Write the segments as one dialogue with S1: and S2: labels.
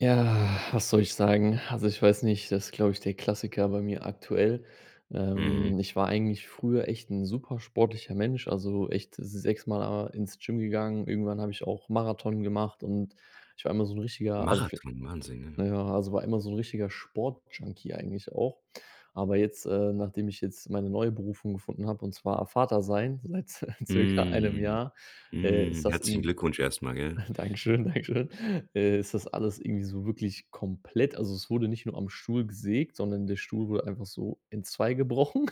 S1: Ja, was soll ich sagen? Also, ich weiß nicht, das glaube ich, der Klassiker bei mir aktuell.
S2: Mhm.
S1: Ähm, ich war eigentlich früher echt 'n super sportlicher Mensch, also, echt sechsmal a ins Gym gegangen. Irgendwann habe ich auch Marathon gemacht und ich war immer so 'n richtiger [unintelligible]
S2: Marathon, Wahnsinn, ja.
S1: na ja, also, war immer so 'n richtiger Sportjunkie eigentlich auch. Aber jetzt, äh nachdem ich jetzt meine neue Berufung gefunden habe, und zwar a Vater sein seit circa 1
S2: Mhm,
S1: Jahr, äh,
S2: mhm.
S1: ist das
S2: Herzlichen
S1: irgendwie
S2: Glückwunsch erstmal, gell?
S1: danke schön, danke schön äh, ist das alles irgendwie so wirklich komplett also, es wurde nicht nur am Stuhl gesägt, sondern der Stuhl wurde einfach so entzweigebrochen.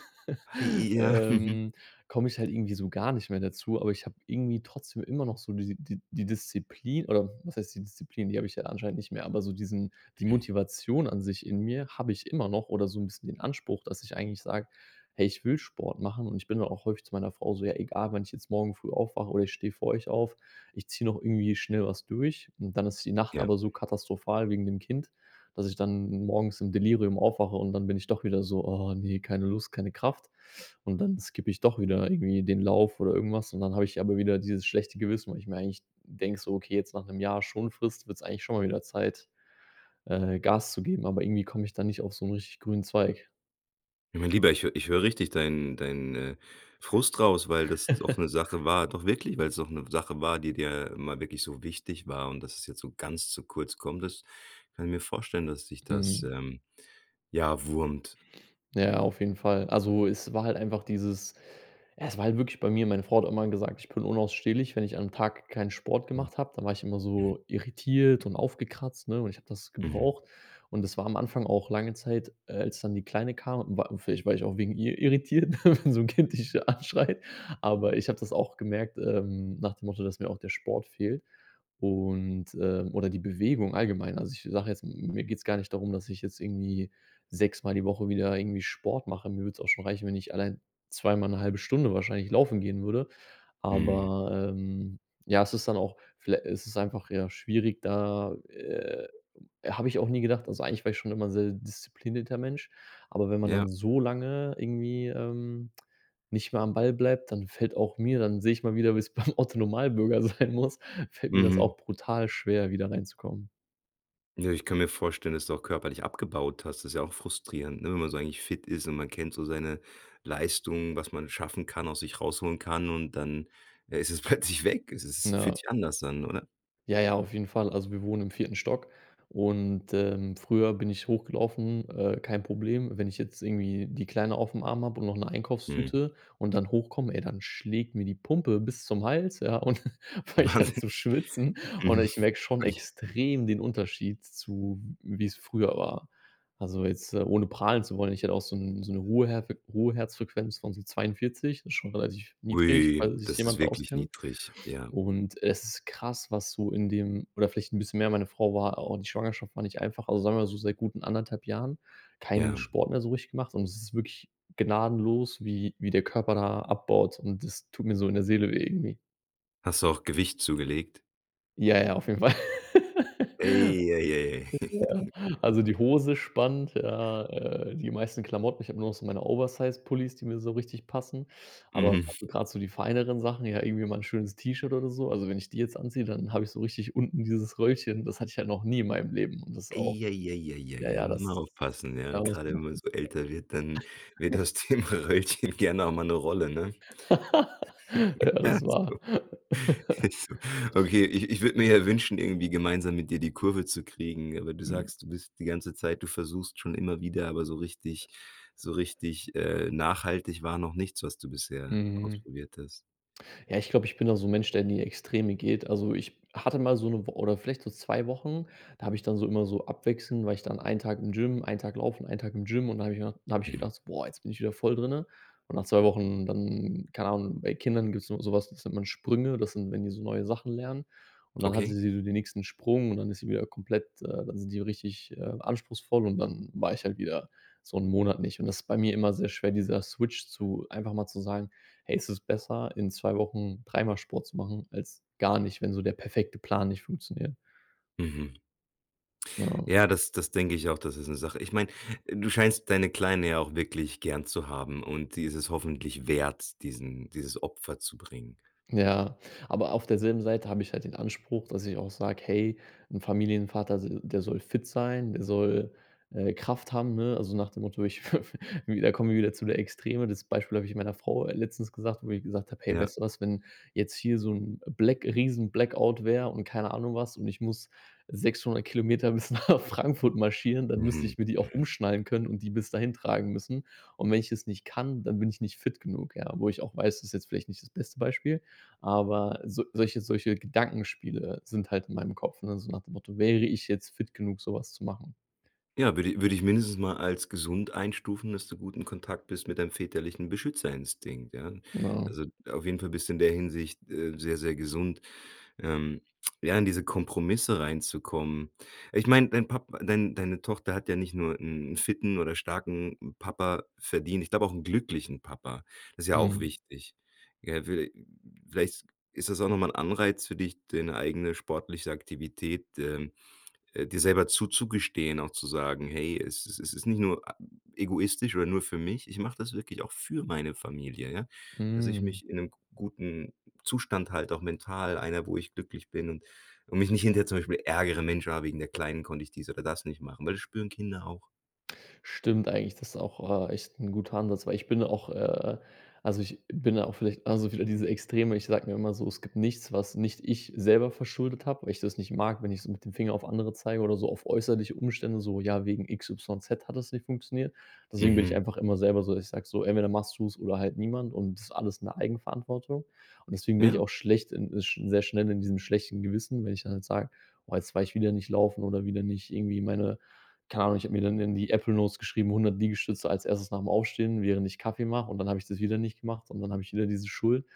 S2: Hei ja. Mhm.
S1: Ähm, komme ich halt irgendwie so gar nicht mehr dazu, aber ich habe irgendwie trotzdem immer noch so diese die die Disziplin oder was heißt die Disziplin? Die habe ich ja anscheinend nicht mehr. Aber so diesen die
S2: Mhm.
S1: Motivation an sich in mir habe ich immer noch oder so 'n bisschen den Anspruch, dass ich eigentlich sage: „Hey, ich will Sport machen.“ Und ich bin dann auch häufig zu meiner Frau so: „Ja, egal, wann ich jetzt morgen früh aufwache, oder ich stehe vor euch auf. Ich ziehe noch irgendwie schnell was durch.“ Und dann ist die Nacht
S2: Ja.
S1: aber so katastrophal wegen dem Kind, dass ich dann morgens im Delirium aufwache und dann bin ich doch wieder so: „Ah ne, keine Lust, keine Kraft.“ Und dann skippe ich doch wieder irgendwie den Lauf oder irgendwas und dann habe ich aber wieder dieses schlechte Gewissen, weil ich mir eigentlich denke so: „Okay, jetzt nach 'nem Jahr Schonfrist wird's eigentlich schon mal wieder Zeit, äh, Gas zu geben.“ Aber irgendwie komme ich da nicht auf so 'n richtig grünen Zweig.
S2: Mein Lieber, ich hö ich höre richtig dein dein, äh, Frust raus, weil das doch 'ne Sache war doch wirklich, weil's doch 'ne Sache war, die dir immer wirklich so wichtig war. Und dass es jetzt so ganz zu kurz kommt, das kann ich mir vorstellen, dass dich das,
S1: Mhm.
S2: ähm, ja, wurmt.
S1: Ja, auf jeden Fall. Also, es war halt einfach dieses es war halt wirklich bei mir meine Frau hat immer gesagt: „Ich bin unausstehlich, wenn ich am Tag keinen Sport
S2: Mhm.
S1: gemacht habe.“ Da war ich immer
S2: Mhm.
S1: so irritiert und aufgekratzt, ne, und ich habe das
S2: Mhm.
S1: gebraucht. Und das war am Anfang auch lange Zeit, äh, als dann die Kleine kam, wa vielleicht war ich auch wegen ihr irritiert, wenn so 'n Kind dich anschreit. Aber ich habe das auch gemerkt, ähm, nach dem Motto, dass mir auch der Sport fehlt. Und, ähm oder die Bewegung allgemein. Also, ich sage jetzt, m mir geht's gar nicht darum, dass ich jetzt irgendwie sechsmal die Woche wieder irgendwie Sport mache. Mir würde es auch schon reichen, wenn ich allein zweimal 'ne 1/2 Stunde wahrscheinlich laufen gehen würde.
S2: Mhm.
S1: Aber, ähm, ja, es ist dann auch viellei es ist einfach, ja, schwierig, da, äh habe ich auch nie gedacht. Also, eigentlich war ich schon immer 'n sehr disziplinierter Mensch, aber wenn man dann
S2: Ja.
S1: so lange irgendwie, ähm, nicht mehr am Ball bleibt, dann fällt auch mir dann sehe ich mal wieder, wie es beim Otto-Normalbürger sein muss fällt mir das
S2: Mhm.
S1: auch brutal schwer wieder reinzukommen.
S2: Ja, ich kann mir vorstellen, dass du auch körperlich abgebaut hast. Das ja auch frustrierend, ne, wenn man so eigentlich fit ist und man kennt so seine Leistungen, was man schaffen kann, aus sich rausholen kann. Und dann, äh, ist es plötzlich weg. Es es
S1: Ja.
S2: fühlt sich anders an, oder?
S1: Ja, ja, auf jeden Fall. Also, wir wohnen im 4. Stock und, ähm, früher bin ich hochgelaufen, äh, kein Problem. Wenn ich jetzt irgendwie die Kleine auf'm Arm habe und noch 'ne
S2: Mhm.
S1: Einkaufstüte und dann hochkomme, ey dann schlägt mir die Pumpe bis zum Hals, ja, und fange ich an
S2: Wahnsinn.
S1: zu schwitzen. Und ich merke schon
S2: Ui.
S1: extrem den Unterschied zu, w wie es früher war. Also, jetzt, äh, ohne prahlen zu wollen, ich hatte auch so 'n so 'ne Ruheherfe Ruheherzfrequenz von so 42, ist schon relativ niedrig,
S2: Ui,
S1: falls sich
S2: das ist
S1: jemand da
S2: wirklich
S1: auskennt.
S2: niedrig. Ja.
S1: Und es ist krass, was so in dem oder vielleicht 'n bisschen mehr. Meine Frau war au die Schwangerschaft war nicht einfach. Also, sagen wir so seit guten 1 1/2 Jahren keinen
S2: Ja.
S1: Sport mehr so richtig gemacht und es ist wirklich gnadenlos, wie wie der Körper da abbaut und das tut mir so in der Seele weh, irgendwie.
S2: Hast du auch Gewicht zugelegt?
S1: Ja, ja, auf jeden Fall.
S2: Ei, ei, ei.
S1: Ja. Also, die Hose spannt, ja, äh, die meisten Klamotten. Ich habe nur noch so meine Oversize-Pullis, die mir so richtig passen. Aber
S2: Mhm.
S1: [unintelligible] grad so die feineren Sachen, ja, irgendwie mal 'n schönes T-Shirt oder so, also, wenn ich die jetzt anziehe, dann habe ich so richtig unten dieses Röllchen. Das hatte ich ja noch nie in meinem Leben und das auch
S2: Ei, ei, ei, ei,
S1: ja,
S2: ei. Ja,
S1: ja,
S2: muss
S1: das
S2: man
S1: ist
S2: aufpassen, ja.
S1: aber das
S2: Grade wenn man
S1: [unintelligible]
S2: so älter wird, dann wird das Thema Röllchen gerne auch mal 'ne Rolle, ne?
S1: Ja, das wahr.
S2: [unintelligible] Okay, ich ich würde mir ja wünschen, irgendwie gemeinsam mit dir die Kurve zu kriegen. Aber du
S1: Mhm.
S2: sagst, du bist die ganze Zeit du versuchst schon immer wieder, aber so richtig so richtig, äh, nachhaltig war noch nichts, was du bisher
S1: Mhm.
S2: ausprobiert hast.
S1: Ja, ich glaube, ich bin da so 'n Mensch, der in die Extreme geht. Also, ich hatte mal so 'ne Wo oder vielleicht so 2 Wochen, da habe ich dann so immer so abwechselnd war ich dann einen Tag im Gym, einen Tag laufen, einen Tag im Gym. Und da habe mir da habe ich
S2: Mhm.
S1: gedacht, so: „Boah, jetzt bin ich wieder voll drinnen.“ Und nach 2 Wochen dann keine Ahnung, bei Kindern gibt's immer sowas, das nennt man Sprünge. Das sind wenn die so neue Sachen lernen. Und dann hat sie
S2: Okay.
S1: so den nächsten Sprung und dann ist sie wieder komplett äh, dann sind die richtig, äh, anspruchsvoll. Und dann war ich halt wieder so 'n Monat nicht. Und das bei mir immer sehr schwer, dieser Switch zu einfach mal zu sagen: „Hey, es ist besser, in 2 Wochen dreimal Sport zu machen, als gar nicht, wenn so der perfekte Plan nicht funktioniert.“
S2: Mhm.
S1: Ja.
S2: Ja, das das denke ich auch. Das ist 'ne Sache ich meine, äh, du scheinst deine Kleine ja auch wirklich gern zu haben. Und die ist es hoffentlich wert, diesen dieses Opfer zu bringen.
S1: Ja, aber auf derselben Seite habe ich halt den Anspruch, dass ich auch sage: „Hey, 'n Familienvater, se der soll fit sein, der soll, äh, Kraft haben, ne?“ Also, nach dem Motto, ich wi da kommen wir wieder zu der Extreme. Das Beispiel habe ich meiner Frau, äh, letztens gesagt wo ich gesagt habe: „Hey,
S2: Ja.
S1: weißt du was? Wenn jetzt hier so 'n Black riesen Blackout wäre und keine Ahnung was und ich muss 600 km bis nach Frankfurt marschieren, dann müsste
S2: Mhm,
S1: ich mir die auch
S2: mhm.
S1: umschnallen können und die bis dahin tragen müssen. Und wenn ich es nicht kann, dann bin ich nicht fit genug.“ Ja, wo ich auch weiß, das jetzt vielleicht nicht das beste Beispiel, aber so solche solche Gedankenspiele sind halt in meinem Kopf, ne, so nach dem Motto: „Wäre ich jetzt fit genug, sowas zu machen?“
S2: Ja, würde i würde ich mindestens mal als gesund einstufen, dass du gut in Kontakt bist mit deinem väterlichen Beschützerinstinkt, ja?
S1: Ja.
S2: Also, auf jeden Fall bist du in der Hinsicht, äh, sehr, sehr gesund. Ähm, ja, in diese Kompromisse reinzukommen ich meine, dein Pap dein deine Tochter hat ja nicht nur 'n fitten oder starken Papa verdient. Ich glaube auch 'n glücklichen Papa. Das ja auch
S1: Mhm.
S2: wichtig. Ja, viellei vielleicht ist das auch noch mal 'n Anreiz für dich, deine eigene sportliche Aktivität, ähm, äh, dir selber zuzugestehen, auch zu sagen: „Hey, es es es ist nicht nur a egoistisch oder nur für mich. Ich mache das wirklich auch für meine Familie. Ja, dass ich
S1: Hm.
S2: mich in 'nem g guten Zustand halte, auch mental einer, wo ich glücklich bin und und mich nicht hinterher zum Beispiel ärgere: ‚Mensch, ah, wegen der Kleinen konnte ich dies oder das nicht machen‘“, weil das spüren Kinder auch.
S1: Stimmt eigentlich, das auch, äh, echt 'n guter Ansatz, weil ich bin auch, äh also, ich bin da auch vielleicht also, wieder diese Extreme. Ich sage mir immer so: „Es gibt nichts, was nicht ich selber verschuldet habe“, weil ich das nicht mag, wenn ich so mit dem Finger auf andere zeige oder so auf äußerliche Umstände, so: „Ja, wegen XYZ hat es nicht funktioniert.“ Deswegen bin ich
S2: Mhm.
S1: einfach immer selber so, ich sage so: „Entweder machst du's oder halt niemand und das ist alles in Eigenverantwortung.“ Und deswegen bin ich
S2: Ja.
S1: auch schlecht in äh, sch sehr schnell in diesem schlechten Gewissen, wenn ich dann jetzt sage: „Woa, jetzt war ich wieder nicht laufen“, oder wieder nicht irgendwie meine keine Ahnung. Ich habe mir dann in die Apple Notes geschrieben: „100 Liegestütze als 1. nach'm Aufstehen, während ich Kaffee mache“, und dann habe ich das wieder nicht gemacht und dann habe ich wieder diese Schuld.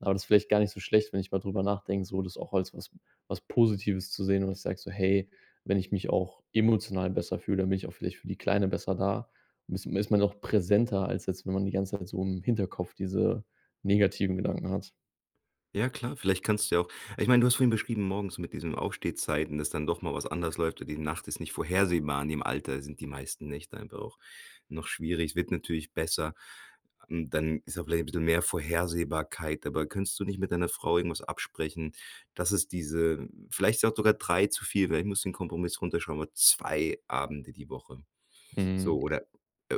S1: Aber das vielleicht gar nicht so schlecht, wenn ich mal drüber nachdenke, so das auch als was was Positives zu sehen und ich sage so: „Hey, wenn ich mich auch emotional besser fühle, dann bin ich auch vielleicht für die Kleine besser da.“ Ist ma ist man auch präsenter als jetzt, wenn man die ganze Zeit so im Hinterkopf diese negativen Gedanken hat.
S2: Ja, klar. Vielleicht kannst du ja auch ich meine, du hast vorhin beschrieben, morgens mit diesen Aufstehzeiten, dass dann doch mal was anders läuft und die Nacht ist nicht vorhersehbar. In dem Alter sind die meisten Nächte einfach auch noch schwierig. Es wird natürlich besser. Ähm, dann ist auch vielleicht 'n bissel mehr Vorhersehbarkeit. Aber könntest du nicht mit deiner Frau irgendwas absprechen, dass es diese vielleicht ist auch sogar 3 zu viel, vielleicht musst du den Kompromiss runterschrauben, aber 2 Abende die Woche.
S1: Mhm.
S2: So oder, äh,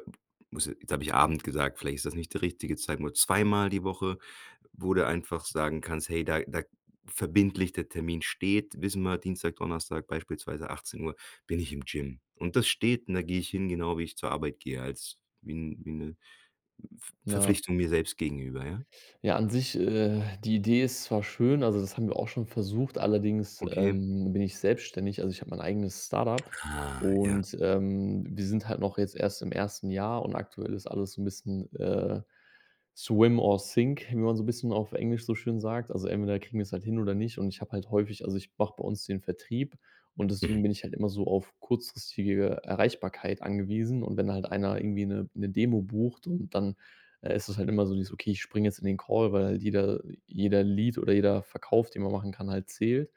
S2: muss ja jetzt habe ich Abend gesagt, vielleicht ist das nicht die richtige Zeit. Nur zweimal die Woche, wo du einfach sagen kannst: „Hey, da da verbindlich der Termin steht, wissen wir, Dienstag, Donnerstag, beispielsweise 18:00 bin ich im Gym. Und das steht, und da gehe ich hin, genau wie ich zur Arbeit gehe, als wie wie 'ne, äh, V
S1: Na
S2: Verpflichtung mir selbst gegenüber“, ja?
S1: ja, an sich, äh, die Idee ist zwar schön. Also, das haben wir auch schon versucht, allerdings,
S2: Okay.
S1: ähm, bin ich selbstständig. Also, ich habe mein eigenes Start-up
S2: Ah. Ja.
S1: und, ähm, wir sind halt noch jetzt erst im 1. Jahr und aktuell ist alles so 'n bisschen, äh, swim or sink, wie man so bisschen auf Englisch so schön sagt. Also, entweder kriegen wir's halt hin oder nicht. Und ich habe halt häufig also, ich mache bei uns den Vertrieb und
S2: Mhm.
S1: deswegen bin ich halt immer so auf kurzfristige Erreichbarkeit angewiesen und wenn halt einer irgendwie 'ne 'ne Demo bucht und dann, äh, ist es halt immer so dieses: „Okay, ich springe jetzt in den Call“, weil die da jeder Lead oder jeder Verkauf, den man machen kann, halt zählt.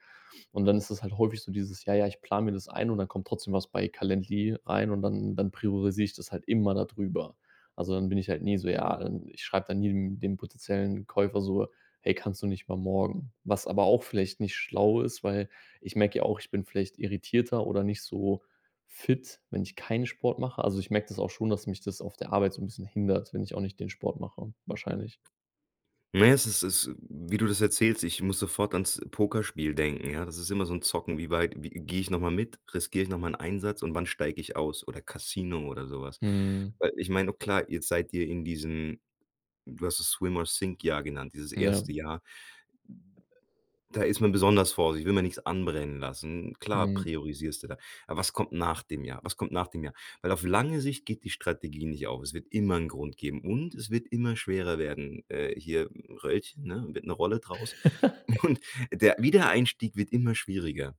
S1: Und dann ist es halt häufig so dieses: „Ja, ja, ich plane mir das ein“, und dann kommt trotzdem was bei Calendly rein und dann dann priorisiere ich das halt immer da drüber. Also, dann bin ich halt nie so ja, ähm, ich schreibe dann nie dem dem potenziellen Käufer so: „Hey, kannst du nicht mal morgen?“ Was aber auch vielleicht nicht schlau ist, weil ich merke ja auch, ich bin vielleicht irritierter oder nicht so fit, wenn ich keinen Sport mache. Also, ich merke das auch schon, dass mich das auf der Arbeit so 'n bisschen hindert, wenn ich auch nicht den Sport mache, wahrscheinlich.
S2: Ne, es es es wie du das erzählst, ich muss sofort ans Pokerspiel denken. Ja, das ist immer so 'n Zocken. „Wie weit wie gehe ich nochmal mit? Riskiere ich noch mal 'n Einsatz und wann steige ich aus?“ Oder Casino oder sowas,
S1: Mhm.
S2: weil ich meine, o klar, jetzt seid ihr in diesem du hast es „Swim-or-Sink-Jahr“ genannt, dieses
S1: Ja.
S2: 1. Jahr. Da ist man besonders vorsichtig, will man nix anbrennen lassen. Klar
S1: Mhm.
S2: priorisierst du da. Aber was kommt nach dem Jahr? Was kommt nach dem Jahr? Weil auf lange Sicht geht die Strategie nicht auf. Es wird immer 'n Grund geben. Und es wird immer schwerer werden. Äh, hier Röllchen, ne, wird 'ne Rolle draus und der Wiedereinstieg wird immer schwieriger.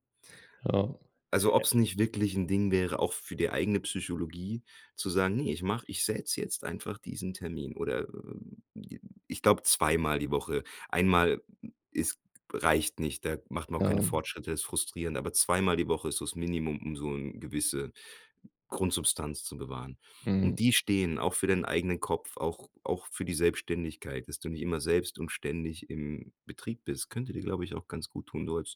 S1: Ja. Äh
S2: Also, ob's nicht wirklich 'n Ding wäre, auch f für die eigene Psychologie, zu sagen: „Ne, ich mach ich setze jetzt einfach diesen Termin.“ Oder ich glaube zweimal die Woche. Einmal ist g reicht nicht. Da macht man auch keine
S1: Ja.
S2: Fortschritte, ist frustrierend. Aber zweimal die Woche ist so's Minimum, um so 'n gewisse Grundsubstanz zu bewahren. Und
S1: Mhm.
S2: die stehen auch für deinen eigenen Kopf, auch auch für die Selbständigkeit, dass du nicht immer selbst und ständig im Betrieb bist. Könnte dir, glaube ich, auch ganz gut tun. So als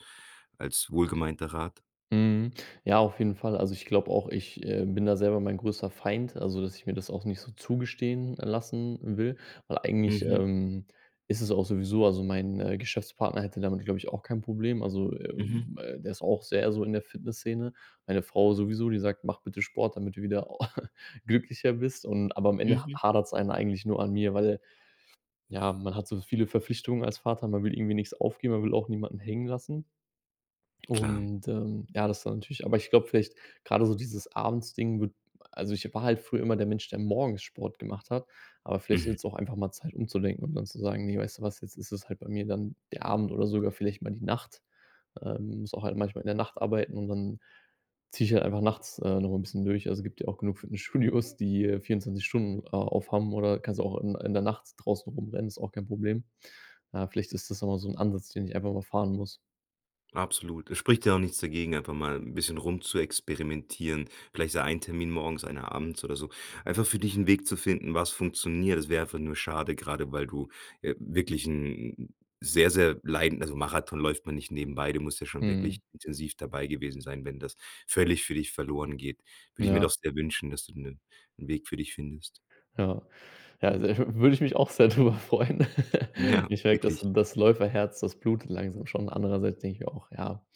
S2: als wohlgemeinter Rat.
S1: Mhm. Ja, auf jeden Fall. Also, ich glaube auch, ich, äh, bin da selber mein größter Feind. Also, dass ich mir das auch nicht so zugestehen lassen will, weil eigentlich,
S2: Mhm.
S1: ähm, ist es auch sowieso also, mein, äh, Geschäftspartner hätte damit, glaube ich, auch kein Problem. Also,
S2: Mhm.
S1: ähm, äh, der ist auch sehr so in der Fitness-Szene. Meine Frau sowieso, die sagt: „Mach bitte Sport, damit du wieder glücklicher bist.“ Und aber am Ende ha
S2: Mhm.
S1: hadert's ein eigentlich nur an mir, weil ja, man hat so viele Verpflichtungen als Vater. Man will irgendwie nix aufgeben, aber man will auch niemanden hängen lassen.
S2: Klar.
S1: Und, ähm, ja, das ist dann natürlich aber ich glaube vielleicht grade so dieses Abends-Ding wird also, ich war halt früher immer der Mensch, der morgens Sport gemacht hat, aber vielleicht ist
S2: Mhm.
S1: es auch einfach mal Zeit umzudenken und dann zu sagen: „Ne, weißt du was, jetzt ist es halt bei mir dann der Abend oder sogar vielleicht mal die Nacht.“ Ähm, muss auch halt manchmal in der Nacht arbeiten und dann ziehe ich halt einfach nachts, äh, nochmal 'n bisschen durch. Also, gibt ja auch genug Fitnessstudios, die, äh, 24 Stunden a aufhaben oder kannst ja auch in in der Nacht draußen rumrennen, ist auch kein Problem. Äh, vielleicht ist das ja mal so 'n Ansatz, den ich einfach mal fahren muss.
S2: Absolut. Es spricht ja auch nichts dagegen, einfach mal 'n bisschen rumzuexperimentieren, vielleicht so ein Termin morgens, einer abends oder so, einfach für dich 'n Weg zu finden, was funktioniert. Das wäre einfach nur schade. Grade weil du, äh, wirklich 'n sehr, sehr leiden also, Marathon läuft man nicht nebenbei. Du musst ja schon wirklich
S1: Mhm.
S2: intensiv dabei gewesen sein. Wenn das völlig für dich verloren geht, würde ich mir doch
S1: Ja.
S2: sehr wünschen, dass du 'nen 'n Weg für dich findest.
S1: Ja. Ja, also, äh, w würde ich mich auch sehr drüber freuen.
S2: Ja,
S1: Ich merke, das
S2: wirklich.
S1: das Läuferherz, das blutet langsam schon. Andererseits denke ich mir auch: „Ja,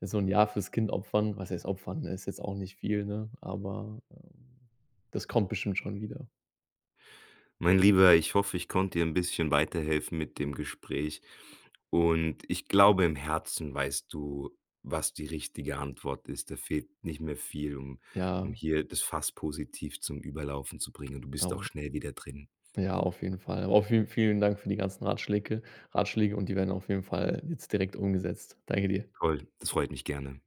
S1: so 'n Jahr fürs Kind opfern.“ Was heißt opfern? Ist jetzt auch nicht viel, ne? Aber, ähm, das kommt bestimmt schon wieder.
S2: Mein Lieber, ich hoffe, ich konnte dir 'n bisschen weiterhelfen mit dem Gespräch. Und ich glaube im Herzen, weißt du, was die richtige Antwort ist. Da fehlt nicht mehr viel, um um
S1: Ja.
S2: hier das Fass positiv zum Überlaufen zu bringen. Du bist auch
S1: Dauer
S2: schnell wieder drin.
S1: Ja, auf jeden Fall. Aber vielen vielen Dank für die ganzen Ratschläke Ratschläge und die werden auf jeden Fall jetzt direkt umgesetzt. Danke dir.
S2: Toll. Das freut mich, gerne.